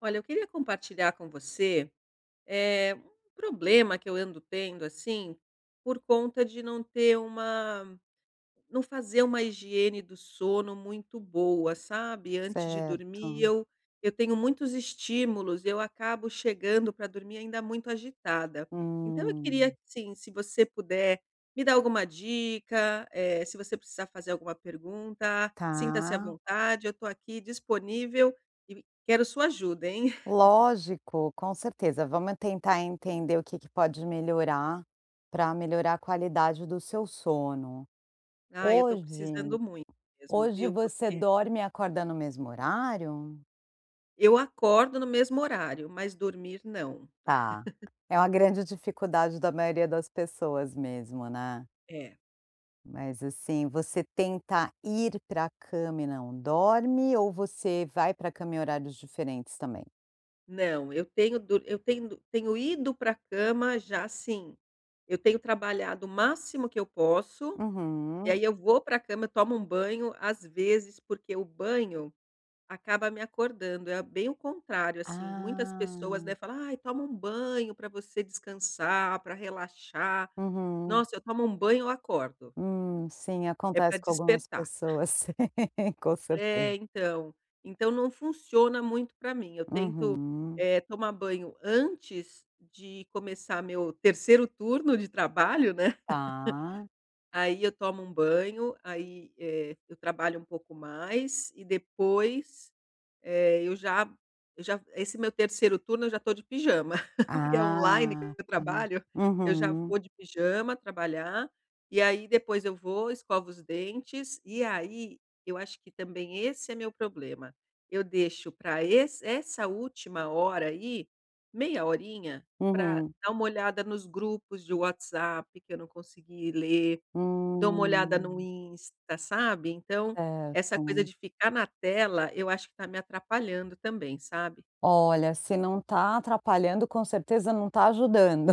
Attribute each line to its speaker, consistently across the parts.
Speaker 1: Olha, eu queria compartilhar com você. Eh, um problema que eu ando tendo assim, por conta de não ter uma não fazer uma higiene do sono muito boa, sabe. Antes de dormir,
Speaker 2: Certo.
Speaker 1: eu eu tenho muitos estímulos e eu acabo chegando para dormir ainda muito agitada. Então eu queria
Speaker 2: Hum.
Speaker 1: sim, se você puder me dar alguma dica, eh, se você precisar fazer alguma pergunta, sinta-se à
Speaker 2: Tá.
Speaker 1: vontade. Eu estou aqui disponível e quero sua ajuda, hein.
Speaker 2: Lógico, com certeza, vamos tentar entender o que que pode melhora, para melhorar a qualidade do seu sono.
Speaker 1: Ah, eu estou
Speaker 2: Hoje
Speaker 1: precisando muito mesmo,
Speaker 2: hoje
Speaker 1: viu,
Speaker 2: você
Speaker 1: porque
Speaker 2: dorme e acorda no mesmo horário?
Speaker 1: Eu acordo no mesmo horário, mas dormir não.
Speaker 2: Tá, é uma grande dificuldade da maioria das pessoas mesmo, né.
Speaker 1: É.
Speaker 2: Mas assim, você tentar ir para a cama e não dorme, ou você vai pra cama em horários diferentes também?
Speaker 1: Não, eu tenho dor eu tendo tenho ido pra a cama já, assim, eu tenho trabalhado o máximo que eu posso, e
Speaker 2: Uhum.
Speaker 1: aí eu vou pra a cama eu tomo um banho, às vezes, porque o banho acaba me acordando, é bem o contrário assim, muitas pessoas,
Speaker 2: Ah.
Speaker 1: né, fala: "Ai, toma um banho pra você descansar, pra relaxar".
Speaker 2: Uhum.
Speaker 1: Nossa, eu tomo um banho, eu acordo.
Speaker 2: Hum, sim,
Speaker 1: É pra
Speaker 2: acontece com algumas
Speaker 1: despertar.
Speaker 2: pessoas. Com
Speaker 1: É,
Speaker 2: certeza.
Speaker 1: então. Então não funciona muito para mim, eu tento,
Speaker 2: Uhum.
Speaker 1: eh, tomar banho antes de começar meu 3º turno de trabalho, né.
Speaker 2: Tá.
Speaker 1: Aí eu tomo um banho, aí, eh, eu trabalho um pouco mais, e depois, eh, eu já m eu já esse meu 3º turno, eu já tô de pijama, porque é online que
Speaker 2: Ah.
Speaker 1: eu trabalho. Eu já
Speaker 2: Uhum.
Speaker 1: vou de pijama trabalhar, e aí depois eu vou, escovo os dentes, e aí, eu acho que também esse é meu problema, eu deixo pra esse essa última hora aí, meia horinha, pra
Speaker 2: Uhum.
Speaker 1: dar uma olhada nos grupos de WhatsApp, que eu não consegui ler. Dou uma olhada no
Speaker 2: Hum.
Speaker 1: Insta, sabe, então, essa coisa
Speaker 2: Certo.
Speaker 1: de ficar na tela, eu acho que tá me atrapalhando também, sabe.
Speaker 2: Olha, se não tá atrapalhando, com certeza não tá ajudando.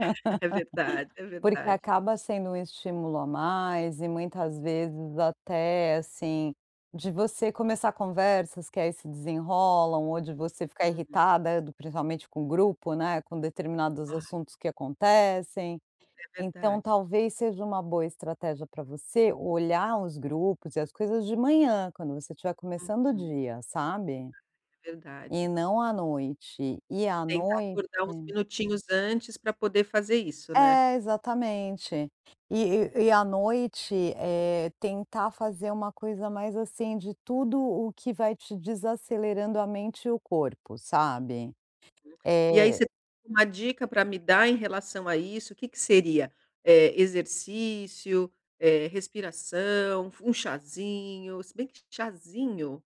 Speaker 1: É verdade, é
Speaker 2: Porque
Speaker 1: verdade.
Speaker 2: acaba sendo um estímulo a mais, e muitas vezes até, assim, de você começar conversas, que aí se desenrolam, ou de você ficar
Speaker 1: Uhum.
Speaker 2: irritada do principalmente com o grupo, né, com determinados
Speaker 1: Ai.
Speaker 2: assuntos que acontecem.
Speaker 1: É
Speaker 2: Então
Speaker 1: verdade.
Speaker 2: talvez seja uma boa estratégia pra você, olhar os grupos, e as coisas, de manhã, quando você tiver começando o
Speaker 1: Uhum.
Speaker 2: dia, sabe, e
Speaker 1: Verdade.
Speaker 2: não à noite. E à
Speaker 1: Tentar
Speaker 2: noite
Speaker 1: acordar uns minutinhos antes, pra poder fazer isso, né.
Speaker 2: É, exatamente. E e e à noite, eh, tentar fazer uma coisa mais assim, de tudo o que vai te desacelerando a mente e o corpo, sabe.
Speaker 1: E aí
Speaker 2: Eh
Speaker 1: você uma dica para me dar em relação a isso? O que que seria, eh, exercício, eh, respiração, f um cházinho, se bem q que cházinho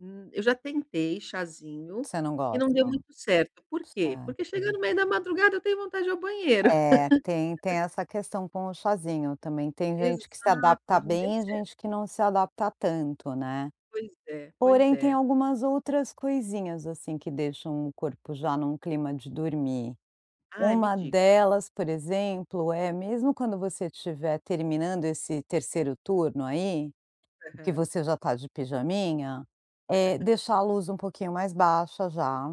Speaker 1: hum, eu já tentei cházinho,
Speaker 2: Você não
Speaker 1: e não
Speaker 2: gosta.
Speaker 1: deu muito certo. Por quê? Porque chega
Speaker 2: Certo.
Speaker 1: no meio da madrugada, eu tenho vontade de ir ao banheiro.
Speaker 2: É, tem tem essa questão com o cházinho, também tem gente que se adapta
Speaker 1: Exato, não deu
Speaker 2: bem e
Speaker 1: certo.
Speaker 2: gente que não se adapta tanto, né.
Speaker 1: Pois é, pois
Speaker 2: Porém, tem
Speaker 1: é.
Speaker 2: algumas outras coisinhas, assim, que deixam o corpo já num clima de dormir.
Speaker 1: Ai, me
Speaker 2: Uma
Speaker 1: diga.
Speaker 2: delas, por exemplo, é mesmo quando você estiver terminando esse 3º turno aí, que
Speaker 1: Aham.
Speaker 2: você já tá de pijaminha, eh, deixar a luz um pouquinho mais baixa já,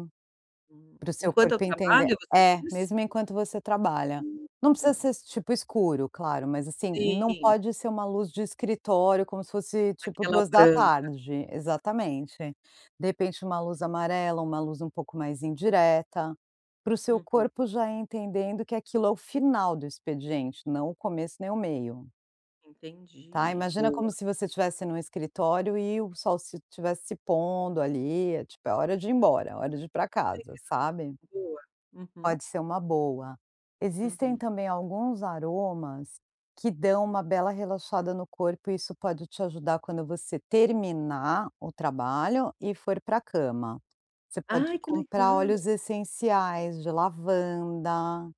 Speaker 2: pra o seu
Speaker 1: Enquanto eu
Speaker 2: corpo entender
Speaker 1: trabalho, você
Speaker 2: é,
Speaker 1: diz?
Speaker 2: mesmo enquanto você trabalha. Não
Speaker 1: Hã.
Speaker 2: precisa ser tipo escuro, claro, mas assim, não
Speaker 1: Sim.
Speaker 2: pode ser uma luz de escritório, como se fosse, tipo,
Speaker 1: Aquela
Speaker 2: duas da
Speaker 1: branca.
Speaker 2: tarde. Exatamente. De repente, uma luz amarela, uma luz um pouco mais indireta, para o seu
Speaker 1: Uhum.
Speaker 2: corpo já ir entendendo que aquilo é o final do expediente, não o começo, nem o meio. Tá,
Speaker 1: Entendi,
Speaker 2: imagina
Speaker 1: boa.
Speaker 2: como se você tivesse num escritório e o sol se tivesse se pondo ali. É tipo é hora de ir embora, hora de ir para
Speaker 1: Que
Speaker 2: casa,
Speaker 1: legal.
Speaker 2: sabe.
Speaker 1: Boa. Uhum.
Speaker 2: Pode ser uma boa. Existem
Speaker 1: Uhum.
Speaker 2: também alguns aromas que dão uma bela relaxada no corpo e isso pode te ajudar quando você terminar o trabalho e for para a cama, você pode
Speaker 1: Ai que
Speaker 2: comprar óleos
Speaker 1: legal.
Speaker 2: essenciais de lavanda,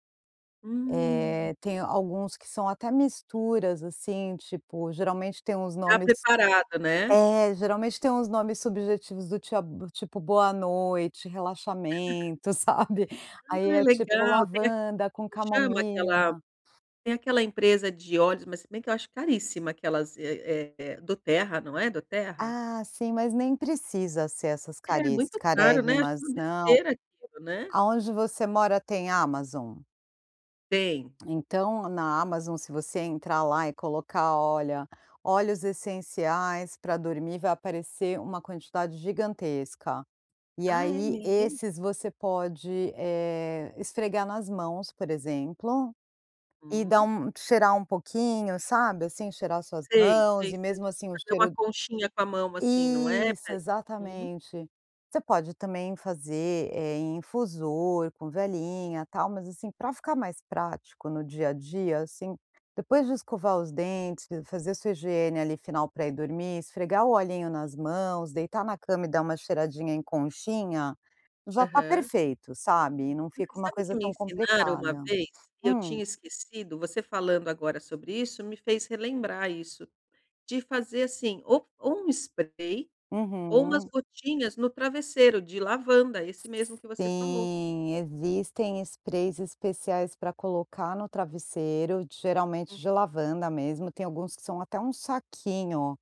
Speaker 1: Hum.
Speaker 2: eh, tem alguns que são até misturas assim, tipo geralmente tem os
Speaker 1: Já
Speaker 2: nomes,
Speaker 1: preparado, né.
Speaker 2: é, geralmente tem uns nomes subjetivos do tia tipo boa noite, relaxamento, sabe, aí
Speaker 1: Ah,
Speaker 2: é tipo
Speaker 1: legal, tem
Speaker 2: lavanda com
Speaker 1: como chama aquela,
Speaker 2: camomila.
Speaker 1: tem aquela empresa de óleos, mas se bem que eu acho caríssima, aquelas eh eh do terra, não é do terra?
Speaker 2: Ah, sim, mas nem precisa ser essas
Speaker 1: É
Speaker 2: cariss
Speaker 1: muito caro, né. Acho uma
Speaker 2: carérrimas não.
Speaker 1: besteira aquilo, né.
Speaker 2: Aonde você mora tem Amazon?
Speaker 1: Tem.
Speaker 2: Então na Amazon, se você entrar lá e colocar olha, óleos essenciais para dormir, vai aparecer uma quantidade gigantesca. E
Speaker 1: Ah, é
Speaker 2: aí
Speaker 1: mesmo.
Speaker 2: esses você pode, eh, esfregar nas mãos, por exemplo, e dar
Speaker 1: Hum.
Speaker 2: um cheirar um pouquinho, sabe assim, cheirar as suas
Speaker 1: Sei,
Speaker 2: mãos
Speaker 1: sei,
Speaker 2: e
Speaker 1: sei
Speaker 2: mesmo assim o
Speaker 1: fazer uma
Speaker 2: cheiro
Speaker 1: conchinha com a mão, assim não é,
Speaker 2: Isso
Speaker 1: pra ele, hum.
Speaker 2: exatamente, você pode também fazer, eh, infusor com velhinha e tal, mas assim para ficar mais prático no dia a dia, assim, depois de escovar os dentes e fazer sua higiene ali final para ir dormir, esfregar o olhinho nas mãos, deitar na cama e dar uma cheiradinha em conchinha já está
Speaker 1: Aham.
Speaker 2: perfeito, sabe. Não fica uma
Speaker 1: Sabe que
Speaker 2: coisa
Speaker 1: me
Speaker 2: tão
Speaker 1: ensinaram uma
Speaker 2: complicada.
Speaker 1: vez que eu
Speaker 2: Hum?
Speaker 1: tinha esquecido, você falando agora sobre isso me fez relembrar isso de fazer assim, ou ou um spray ou umas
Speaker 2: Uhum.
Speaker 1: gotinhas no travesseiro de lavanda, esse mesmo que você falou.
Speaker 2: Sim, existem sprays especiais para colocar no travesseiro, geralmente
Speaker 1: Hum.
Speaker 2: de lavanda mesmo, tem alguns que são até um saquinho,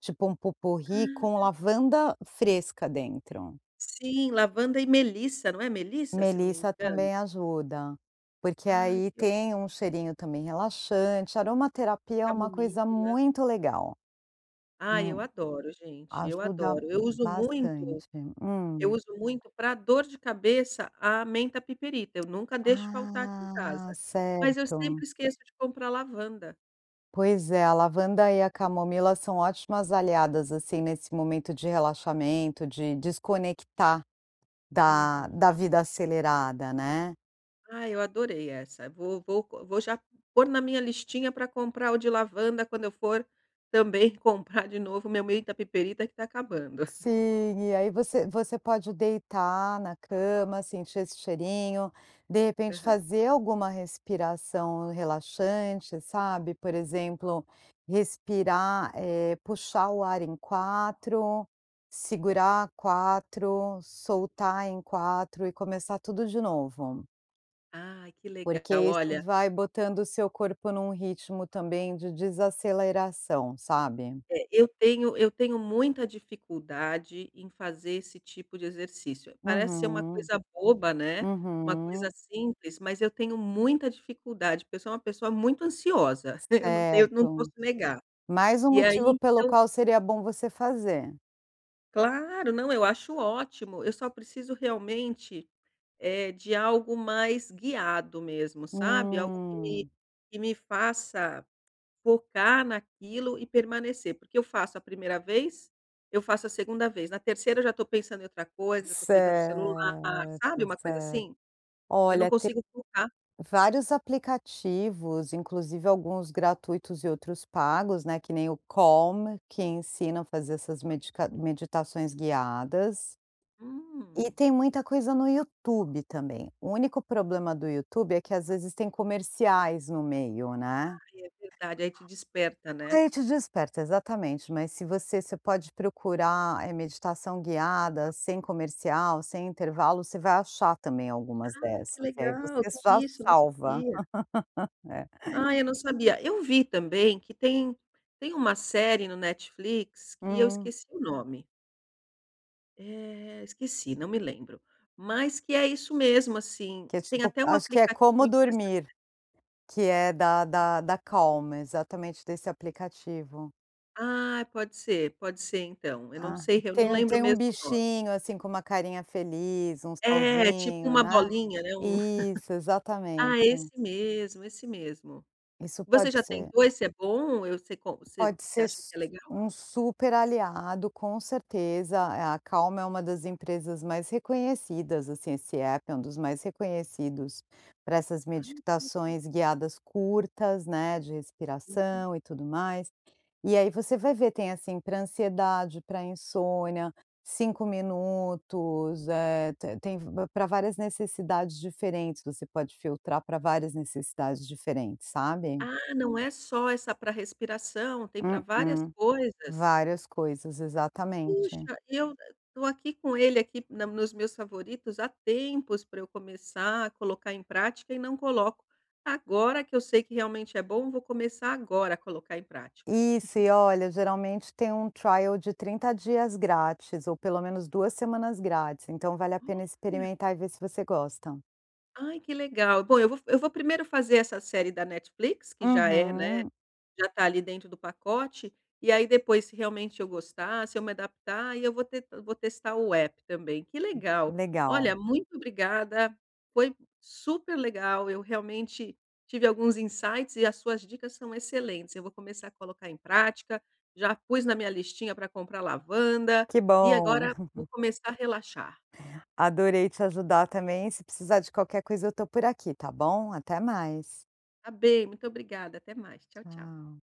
Speaker 2: tipo um pot-pourri com
Speaker 1: Ah.
Speaker 2: lavanda fresca dentro.
Speaker 1: Sim, lavanda e Melissa, não é Melissa, se não me
Speaker 2: Melissa
Speaker 1: engano.
Speaker 2: também ajuda, porque
Speaker 1: Ai,
Speaker 2: aí
Speaker 1: que otimo.
Speaker 2: tem um cheirinho também relaxante, aromaterapia é uma coisa
Speaker 1: Camomila.
Speaker 2: muito legal.
Speaker 1: Ai, eu
Speaker 2: Hum.
Speaker 1: adoro gente, eu
Speaker 2: Ajuda
Speaker 1: adoro, eu uso muito.
Speaker 2: bastante,
Speaker 1: Eu
Speaker 2: hum.
Speaker 1: uso muito para dor de cabeça a menta piperita, eu nunca deixo faltar aqui em
Speaker 2: Ah,
Speaker 1: casa, mas eu sempre
Speaker 2: certo.
Speaker 1: esqueço de comprar lavanda.
Speaker 2: Pois é, a lavanda e a camomila são ótimas aliadas, assim, nesse momento de relaxamento, de desconectar da
Speaker 1: Uhum.
Speaker 2: da vida acelerada, né.
Speaker 1: Ai, eu adorei essa. Vou vou c vou já pôr na minha listinha para comprar o de lavanda, quando eu for, também, comprar de novo meu menta piperita, que está acabando.
Speaker 2: Sim, e aí você você pode deitar na cama, sentir esse cheirinho. De repente,
Speaker 1: Aham.
Speaker 2: fazer alguma respiração relaxante, sabe. Por exemplo, respirar, eh, puxar o ar em 4, segurar 4, soltar em 4, e começar tudo de novo.
Speaker 1: Ai, que legal.
Speaker 2: Porque isso
Speaker 1: Olha
Speaker 2: vai botando o seu corpo num ritmo também, de desaceleração, sabe.
Speaker 1: É, eu tenho eu tenho muita dificuldade em fazer esse tipo de exercício. Parece ser uma
Speaker 2: Uhum.
Speaker 1: coisa boba, né, uma coisa
Speaker 2: Uhum.
Speaker 1: simples, mas eu tenho muita dificuldade, porque eu sou uma pessoa muito ansiosa. Eu não tenho não
Speaker 2: Certo.
Speaker 1: posso negar.
Speaker 2: Mais um
Speaker 1: E aí
Speaker 2: motivo pelo
Speaker 1: então
Speaker 2: qual seria bom você fazer.
Speaker 1: Claro, não, eu acho ótimo. Eu só preciso realmente, eh, de algo mais guiado mesmo, sabe, algo que me
Speaker 2: Hum.
Speaker 1: que me faça focar naquilo e permanecer, porque eu faço a primeira vez. Eu faço a segunda vez. Na terceira eu já estou pensando em outra coisa, já estou pegando o celular,
Speaker 2: Certo,
Speaker 1: sabe uma coisa
Speaker 2: certo.
Speaker 1: assim. Eu não
Speaker 2: Olha, tem,
Speaker 1: consigo focar.
Speaker 2: vários aplicativos, inclusive alguns gratuitos e outros pagos, né, que nem o Calm, que ensina a fazer essas medica meditações guiadas. E
Speaker 1: Hum.
Speaker 2: tem muita coisa no YouTube também. O único problema do YouTube é que às vezes tem comerciais no meio, né.
Speaker 1: Ai é verdade, aí te desperta, né.
Speaker 2: Aí te desperta, exatamente, mas se você você pode procurar, eh, meditação guiada, sem comercial, sem intervalo, você vai achar também algumas
Speaker 1: Ai,
Speaker 2: dessas.
Speaker 1: que
Speaker 2: E aí
Speaker 1: legal,
Speaker 2: você
Speaker 1: tem
Speaker 2: só
Speaker 1: isso, eu não
Speaker 2: salva.
Speaker 1: sabia.
Speaker 2: É.
Speaker 1: Ai, eu não sabia. Eu vi também que tem tem uma série no Netflix que eu
Speaker 2: Hum.
Speaker 1: esqueci o nome. Eh, esqueci. Não me lembro. Mas que é isso mesmo, assim.
Speaker 2: Que é
Speaker 1: Tem
Speaker 2: tipo
Speaker 1: até um
Speaker 2: acho que é como
Speaker 1: aplicativo dessa
Speaker 2: dormir.
Speaker 1: [unintelligible]
Speaker 2: Que é da da da Calm. Exatamente desse aplicativo.
Speaker 1: Ah, pode ser. Pode ser, então. Eu não
Speaker 2: Ah.
Speaker 1: sei eu não
Speaker 2: Tem um
Speaker 1: lembro
Speaker 2: tem um
Speaker 1: mesmo o nome.
Speaker 2: bichinho, assim, com uma carinha feliz. Um
Speaker 1: É! Tipo
Speaker 2: solzinho,
Speaker 1: uma
Speaker 2: né.
Speaker 1: bolinha, né, um
Speaker 2: Isso. Exatamente.
Speaker 1: ah, esse mesmo! Esse mesmo.
Speaker 2: Isso
Speaker 1: Você
Speaker 2: pode
Speaker 1: já
Speaker 2: ser.
Speaker 1: tentou? Esse é bom? E eu você co você
Speaker 2: Pode
Speaker 1: você
Speaker 2: ser
Speaker 1: acha que
Speaker 2: s
Speaker 1: é legal?
Speaker 2: um super aliado, com certeza. É, a Calm é uma das empresas mais reconhecidas, assim. Esse app é um dos mais reconhecidos pra essas
Speaker 1: Ah, que legal.
Speaker 2: meditações guiadas curtas, né, de
Speaker 1: Uhum.
Speaker 2: respiração e tudo mais. E aí você vai ver. Tem, assim, pra ansiedade; pra insônia. 5 minutos. Eh, te tem v pra várias necessidades diferentes. Você pode filtrar pra várias necessidades diferentes, sabe.
Speaker 1: Ah, não é só essa pra respiração? Tem pra várias
Speaker 2: Mm-mm.
Speaker 1: coisas?
Speaker 2: Várias coisas. Exatamente.
Speaker 1: Puxa! Eu tô aqui com ele aqui na nos meus favoritos há tempos pra eu começar a colocar em prática e não coloco. Agora que eu sei que realmente é bom, vou começar agora a colocar em prática.
Speaker 2: Isso. E olha. Geralmente tem um trial de 30 dias grátis ou pelo menos 2 semanas grátis. Então vale a pena
Speaker 1: Olha!
Speaker 2: experimentar e ver se você gosta.
Speaker 1: Ai, que legal! Bom, eu vou eu vou primeiro fazer essa série da Netflix, que já é, né.
Speaker 2: Uhum.
Speaker 1: Já tá ali dentro do pacote. E aí depois, se realmente eu gostar; se eu me adaptar, aí eu vou te vou testar o app também. Que
Speaker 2: Sim.
Speaker 1: legal! Olha,
Speaker 2: Legal.
Speaker 1: muito obrigada. Foi super legal. Eu realmente tive alguns insights e as suas dicas são excelentes. Eu vou começar a colocar em prática. Já pus na minha listinha pra comprar lavanda
Speaker 2: Que
Speaker 1: e
Speaker 2: bom.
Speaker 1: agora vou começar a relaxar.
Speaker 2: Adorei te ajudar também. Se precisar de qualquer coisa, eu tô por aqui, tá bom? Até mais.
Speaker 1: Tá bem. Muito obrigada. Até mais. Tchau, tchau.
Speaker 2: Tchau.